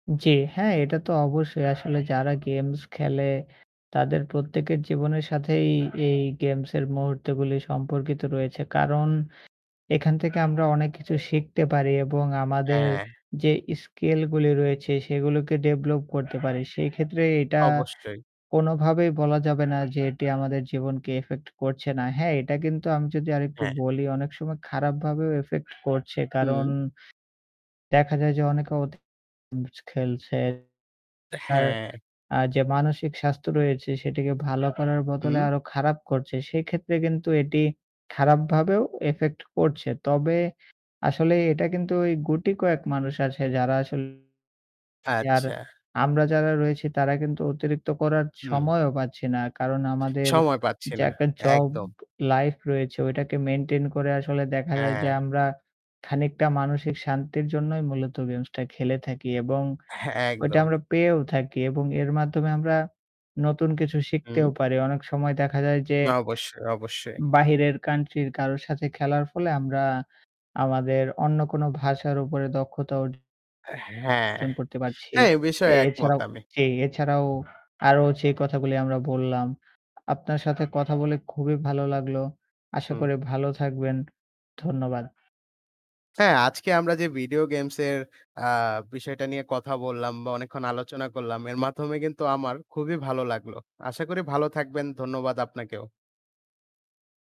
জ্বী, হ্যাঁ এটা তো অবশ্যই আসলে যারা গেমস খেলে তাদের প্রত্যেকের জীবনের সাথেই এই এই গেমসের মুহূর্তগুলো সম্পর্কিত রয়েছে। কারণ এখান থেকে আমরা অনেক কিছু শিখতে পারি এবং আমাদের হ্যাঁ। যে স্কিল গুলি রয়েছে সেগুলোকে ডেভেলপ করতে পারি। সেক্ষেত্রে এটা অবশ্যই। কোনোভাবেই বলা যাবে না যে এটি আমাদের জীবনকে ইফেক্ট করছে না। হ্যাঁ, এটা কিন্তু আমি যদি আরেকটু হ্যাঁ। বলি অনেক সময় খারাপভাবেও ইফেক্ট করছে। কারণ হুম। দেখা যায় যে অনেকে অতি খেলছে। তার হ্যাঁ। আ যে মানসিক স্বাস্থ্য রয়েছে সেটিকে ভালো করার বদলে হুম। আরো খারাপ করছে। সেক্ষেত্রে কিন্তু এটি খারাপভাবেও ইফেক্ট করছে। তবে আসলে এটা কিন্তু ঐ গুটি কয়েক মানুষ আছে যারা আসলে আর আচ্ছা। আমরা যারা রয়েছি তারা কিন্তু অতিরিক্ত করার হুম। সময়ও পাচ্ছি না। কারণ আমাদের সময় পাচ্ছি যে না, একটা জব একদম। লাইফ রয়েছে ওইটাকে মেইনটেইন করে আসলে দেখা যায় যে হ্যাঁ। আমরা খানিকটা মানসিক শান্তির জন্যই মূলত গেমসটা খেলে থাকি এবং হ্যাঁ, ঐটা একদম। আমরা পেয়েও থাকি এবং এর মাধ্যমে আমরা নতুন কিছু শিখতেও হুম। পারি। অনেক সময় দেখা যায় যে অবশ্যই, অবশ্যই। বাহিরের কান্ট্রির কারো সাথে খেলার ফলে আমরা আমাদের অন্য কোনো ভাষার উপরে দক্ষতা অর্জন হ্যাঁ, করতে পারছি। হ্যাঁ এ বিষয়ে একমত এছাড়াও আমি। জি এছাড়াও আরো যে কথাগুলো আমরা বললাম। আপনার সাথে কথা বলে খুবই ভালো লাগলো। আশা হুম। করি ভালো থাকবেন। ধন্যবাদ। হ্যাঁ, আজকে আমরা যে ভিডিও গেমস এর আ বিষয়টা নিয়ে কথা বললাম বা অনেকক্ষণ আলোচনা করলাম এর মাধ্যমে কিন্তু আমার খুবই ভালো লাগলো। আশা করি ভালো থাকবেন। ধন্যবাদ আপনাকেও।